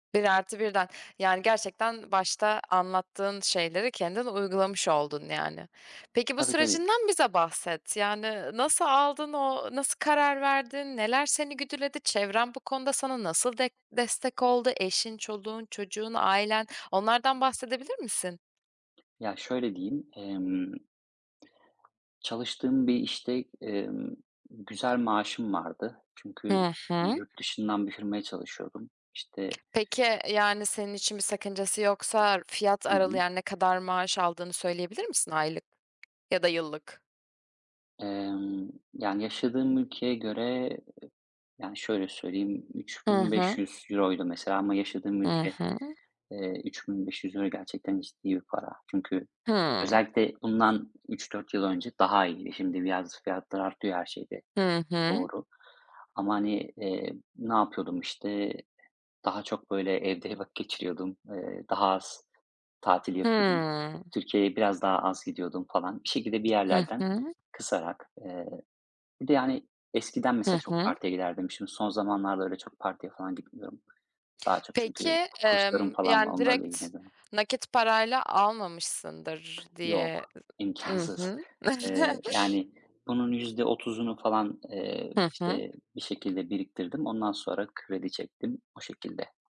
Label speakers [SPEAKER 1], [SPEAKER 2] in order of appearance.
[SPEAKER 1] 1 artı 1'den, yani gerçekten başta anlattığın şeyleri kendin uygulamış oldun yani. Peki bu
[SPEAKER 2] Tabii tabii.
[SPEAKER 1] sürecinden bize bahset yani nasıl aldın, o nasıl karar verdin, neler seni güdüledi, çevren bu konuda sana nasıl dek destek oldu, eşin, çoluğun, çocuğun, ailen onlardan bahsedebilir misin?
[SPEAKER 2] Ya şöyle diyeyim, emm. Çalıştığım bir işte, emm, güzel maaşım vardı. Çünkü
[SPEAKER 1] Hı hı.
[SPEAKER 2] yurtdışından bir firmaya çalışıyordum. İşte.
[SPEAKER 1] Peki, yani senin için bir sakıncası yoksa fiyat
[SPEAKER 2] Hı
[SPEAKER 1] aralığı,
[SPEAKER 2] hı.
[SPEAKER 1] yani ne kadar maaş aldığını söyleyebilir misin aylık ya da yıllık?
[SPEAKER 2] Emm, yani yaşadığım ülkeye göre, yani şöyle söyleyeyim üç
[SPEAKER 1] Hı
[SPEAKER 2] bin beş
[SPEAKER 1] hı.
[SPEAKER 2] yüz euro'ydu mesela ama yaşadığım
[SPEAKER 1] Hı
[SPEAKER 2] ülke,
[SPEAKER 1] hı.
[SPEAKER 2] eee, €3.500 gerçekten ciddi bir para. Çünkü
[SPEAKER 1] Hıı.
[SPEAKER 2] özellikle bundan 3-4 yıl önce daha iyiydi. Şimdi birazcık fiyatlar artıyor her şeyde,
[SPEAKER 1] Hı hı.
[SPEAKER 2] doğru ama hani, eee, ne yapıyordum işte, daha çok böyle evde vakit geçiriyordum, eee, daha az tatil yapıyordum.
[SPEAKER 1] Hıı.
[SPEAKER 2] Türkiye'ye biraz daha az gidiyordum falan bir şekilde bir
[SPEAKER 1] Hı
[SPEAKER 2] yerlerden
[SPEAKER 1] hı.
[SPEAKER 2] kısarak. Eee, bir de yani eskiden mesela
[SPEAKER 1] Hı
[SPEAKER 2] çok
[SPEAKER 1] hı.
[SPEAKER 2] partiye giderdim. Şimdi son zamanlarda öyle çok partiye falan gitmiyorum. Daha çok
[SPEAKER 1] Peki,
[SPEAKER 2] çünkü ku kurslarım
[SPEAKER 1] emm,
[SPEAKER 2] falan var.
[SPEAKER 1] yani
[SPEAKER 2] Onlarla
[SPEAKER 1] direkt
[SPEAKER 2] ilgileniyorum...
[SPEAKER 1] nakit parayla almamışsındır diye,
[SPEAKER 2] Yok,
[SPEAKER 1] hı
[SPEAKER 2] imkânsız.
[SPEAKER 1] hı.
[SPEAKER 2] Eee, yani bunun %30’unu falan, eee,
[SPEAKER 1] Hı hı.
[SPEAKER 2] işte bir şekilde biriktirdim. Ondan sonra kredi çektim, o şekilde.